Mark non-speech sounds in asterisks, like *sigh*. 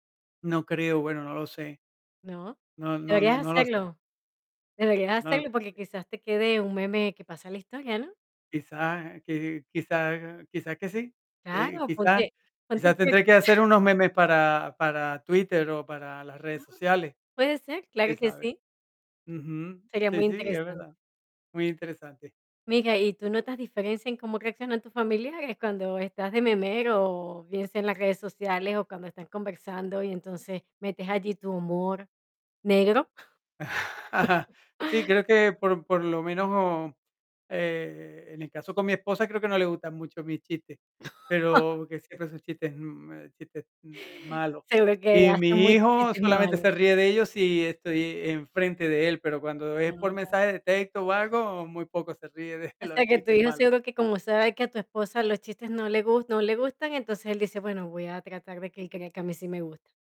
No creo, bueno, no lo sé. ¿No? No no, Deberías no lo sé. hacerlo, deberías No. hacerlo, porque *unintelligible* quizás te quede un meme que pasa a la historia, ¿no? Quizá, eh, qui quizá quizá que sí, eh, Claro, quizá ponte, ponte en quizá tendré que *unintelligible* hacer unos *chuckles* memes para para Twitter, o para las Ah. redes sociales, Puede ser, claro quién que sabe. sí. Ujú. Sería Sí, muy sí, es interesante. verdad, muy interesante. Mira, ¿y tú notas diferencia en cómo reaccionan tus familiares cuando estás de memero, o bien sea en las redes sociales o cuando están conversando, y entonces metes allí tu humor negro? *chuckles* *chuckles* Sí, creo que, por por lo menos, o e en el caso con mi esposa, creo que no le gustan mucho mis chistes, *chuckles* pero que siempre esos chistes me chistes me malos. Se bloquea, Y haces mi muchos hijo chistes solamente malos. se ríe de ellos si estoy e enfrente de él, pero cuando es por Guau. mensaje de texto o algo, muy poco se ríe de O los sea, que tu chistes hijo, malos. seguro que como sabe que a tu esposa los chistes no le gus no le gustan, entonces él dice: "Bueno, voy a tratar de que él crea que a mí sí me gusta".